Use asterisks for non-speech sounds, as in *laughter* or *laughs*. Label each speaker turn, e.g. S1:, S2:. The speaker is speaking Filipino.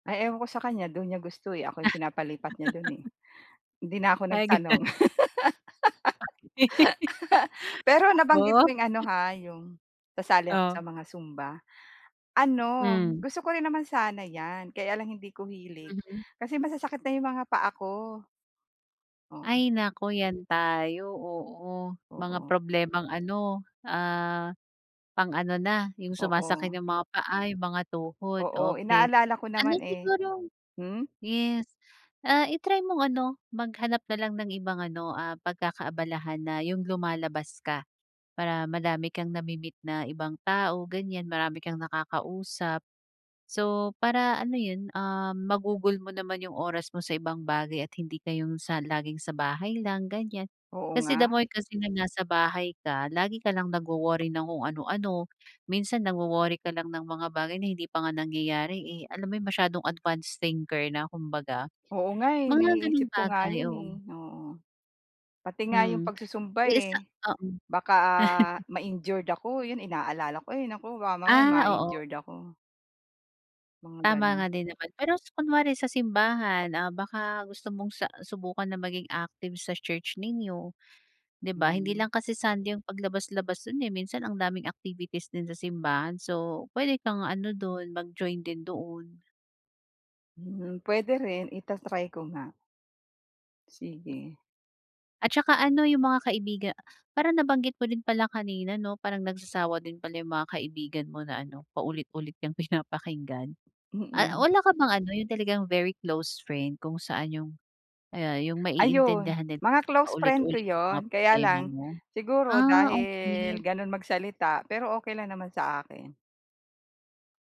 S1: Ay ewan ko sa kaniya, do'n niya gusto, eh. Ako 'yong pinapalipat niya do'n, eh,
S2: *laughs*
S1: hindi na ako
S2: Ay gano'n.
S1: nagtanong.
S2: Bakit? *laughs*
S1: *laughs* Pero
S2: Sa
S1: nabanggit
S2: oh?
S1: mo 'yong ano
S2: 'Yo
S1: ha, 'yong, sasali ako sa
S2: O?
S1: mga zumba. Ano,
S2: Hmm.
S1: gusto ko rin naman sana 'yan kaya lang hindi ko hilig,
S2: Mhm.
S1: kasi masasakit na 'yong mga paa ko. Oo.
S2: Ay naku, 'yan tayo, oo. Mga
S1: Oo.
S2: problemang ano, ah, pang-ano na, 'yong sumasakit
S1: Oo.
S2: 'yong mga paa, 'yong mga tuhod,
S1: Oo.
S2: okay.
S1: Inaalala ko
S2: Ano
S1: naman, eh.
S2: siguro
S1: Hmm?
S2: yes, ah, i-try mong ano, maghanap na lang ng ibang ano, ah, pagkakaabalahan na 'yong lumalabas ka, para madami kang nami-meet na ibang tao, ganiyan, marami kang nakakausap. So, para ano 'yon, ah, magugol mo naman 'yong oras mo sa ibang bagay at hindi ka 'yong sa laging sa bahay lang, ganiyan.
S1: Oo
S2: Kasi, the
S1: nga.
S2: more kasi na nasa bahay ka lagi ka lang nagwo-worry ng kung ano-ano, minsan nagwo-worry ka lang ng mga bagay na hindi pa nga nangyayari, eh, alam mo 'yong masyadong advanced thinker na kumbaga.
S1: Oo nga, eh.
S2: Mga gano'ng
S1: Naiisip ko nga
S2: bagay,
S1: 'yon, eh,
S2: oo.
S1: oo. Pati nga 'yong
S2: Mm.
S1: pagsu-zumba,
S2: Eh, isa
S1: eh,
S2: oo.
S1: baka
S2: *chuckles*
S1: ma-injured ako, 'yon inaalala ko, ay naku baka mamaya
S2: Ah, oo.
S1: ma-injured ako. Mga
S2: Tama
S1: gano'n.
S2: nga din naman. Pero s kunwari sa simbahan, ah, baka gusto mong sa subukan na maging active sa church ninyo. 'Di ba, hindi
S1: Hmm.
S2: lang kasi Sunday 'yong paglabas-labas do'n, eh, minsan ang daming activities din sa simbahan. So, puwede kang ano do'n, mag-join din doon.
S1: Hmm, puwede rin. I-tatry ko nga. Sige.
S2: At saka ano, 'yong mga kaibiga parang nabanggit mo din pala kanina, 'no, parang nagsasawa din pala 'yong mga kaibigan mo na ano, paulit-ulit kang pinapakinggan. A
S1: Mm.
S2: wala ka bang ano, 'yong talagang very close friend kung saan 'yong ayan, 'yong
S1: Ayun.
S2: maiintindihan nila
S1: Mga
S2: kahit
S1: close friend ko
S2: paulit-ulit 'yong mga
S1: 'yon, kaya
S2: problema
S1: lang,
S2: mo?
S1: siguro
S2: Ah,
S1: dahil
S2: okay.
S1: gano'n magsalita. Pero, okay lang naman sa akin.